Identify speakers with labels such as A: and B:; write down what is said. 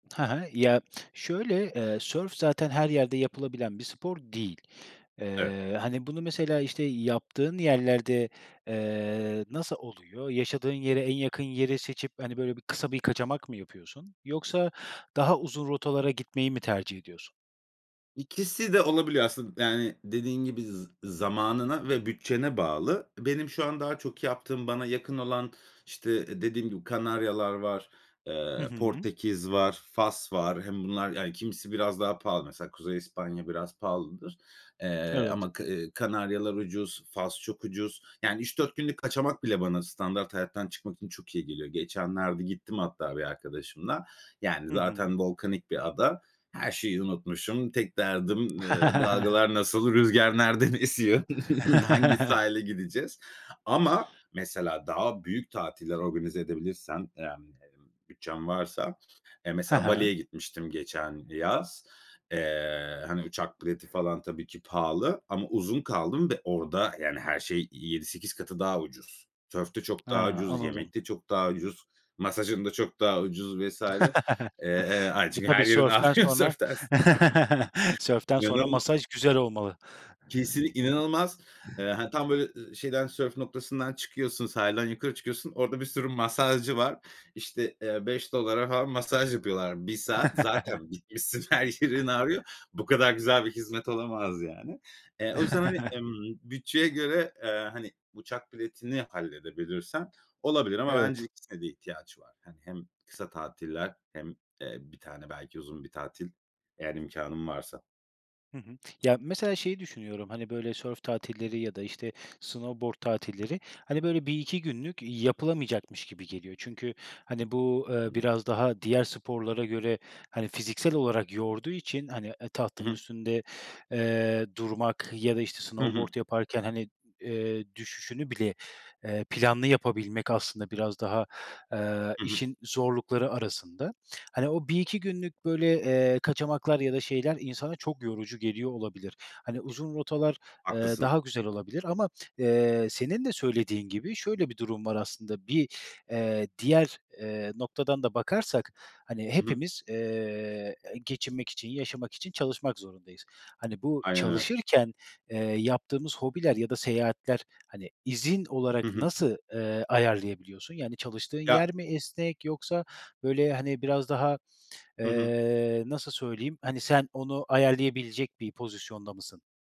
A: Hı hı. Ya, şöyle: Eee, sörf zaten her yerde yapılabilen bir spor değil.
B: Evet.
A: Eee, hani, bunu mesela, işte, yaptığın yerlerde, eee, nasıl oluyor? Yaşadığın yere en yakın yeri seçip, hani, böyle bir kısa bir kaçamak mı yapıyorsun yoksa daha uzun rotalara gitmeyi mi tercih ediyorsun?
B: İkisi de olabiliyor aslında. Yani, dediğin gibi z zamanına ve bütçene bağlı. Benim şu an daha çok yaptığım, bana yakın olan, işte, dediğim gibi Kanaryalar var.
A: Hı
B: Eee,
A: hı.
B: Portekiz var. Fas var. Hem bunlar, yani, kimisi biraz daha pahalı. Mesela Kuzey İspanya biraz pahalıdır. Eee,
A: Evet.
B: ama K Kanaryalar ucuz. Fas çok ucuz. Yani 3-4 günlük kaçamak bile bana standart hayattan çıkmak için çok iyi geliyor. Geçenlerde gittim hatta bir arkadaşımla. Yani
A: Hı hı.
B: zaten volkanik bir ada. Her şeyi unutmuşum. Tek derdim, eee, "Dalgalar nasıl? Rüzgar nereden esiyor? Hangi sahile gideceğiz?" Ama mesela daha büyük tatiller organize edebilirsem, yani, emm, bütçem varsa, eee,
A: Ha
B: mesela
A: ha.
B: Bali'ye gitmiştim geçen yaz. Eee, hani, uçak bileti falan tabii ki pahalı ama uzun kaldım ve orada, yani, her şey 7-8 katı daha ucuz. Sörf de çok daha
A: Ha,
B: ucuz,
A: anladım.
B: yemek de çok daha ucuz, masajın da çok daha ucuz vs. Eee, eee, hay
A: E,
B: çünkü
A: tabii.
B: her yerin
A: Sörften
B: ağrıyor
A: sonra
B: sörften s.
A: sörften sonra
B: [unintelligible]
A: masaj güzel olmalı.
B: Kesinl inanılmaz. Eee, ha, tam, böyle, ııı, şeyden, sörf noktasından çıkıyorsun, sahilden yukarı çıkıyorsun. Orada bir sürü masajcı var. İşte, eee, $5'a falan masaj yapıyorlar 1 saat. Zaten bitmişsin her yerin ağrıyor. Bu kadar güzel bir hizmet olamaz yani. E, o yüzden, hani, emm, bütçeye göre, eee, hani, uçak biletini halledebilirsen olabilir ama bence
A: Evet.
B: ikisine de ihtiyaç var. Hani, hem kısa tatiller hem, eee, 1 tane belki uzun bir tatil. Eğer imkânın varsa.
A: Hı hı. Ya, mesela şeyi düşünüyorum: Hani böyle sörf tatilleri ya da, işte, snowboard tatilleri, hani, böyle, 1-2 günlük yapılamayacakmış gibi geliyor. Çünkü, hani, bu, ııı,
B: Hıı.
A: biraz daha diğer sporlara göre, hani, fiziksel olarak yorduğu için, hani, eee,
B: I
A: tahtanın
B: hı.
A: üstünde, eee, durmak ya da, işte,
B: Hı hı.
A: snowboard yaparken, hani, eee, düşüşünü bile, eee, planlı yapabilmek aslında biraz daha, eee,
B: Hı hı.
A: işin zorlukları arasında. Hani, o 1-2 günlük, böyle, eee, kaçamaklar ya da şeyler insana çok yorucu geliyor olabilir. Hani, uzun rotalar, eee,
B: Haklısın.
A: daha güzel olabilir ama, eee, senin de söylediğin gibi şöyle bir durum var aslında: Bir, eee, diğer, eee, noktadan da bakarsak, hani,
B: Hı hı.
A: hepimiz, eee, geçinmek için, yaşamak için çalışmak zorundayız. Hani, bu
B: Aynen öyle.
A: çalışırken, eee, yaptığımız hobiler ya da seyahatler, hani, izin
B: Hı
A: olarak
B: hı.
A: nasıl, ııı, ayarlayabiliyorsun? Yani çalıştığın
B: Ya
A: yer mi esnek yoksa, böyle, hani, biraz daha,
B: Hı hı.
A: eee, nasıl söyleyeyim? Hani, sen onu ayarlayabilecek bir pozisyonda mısın?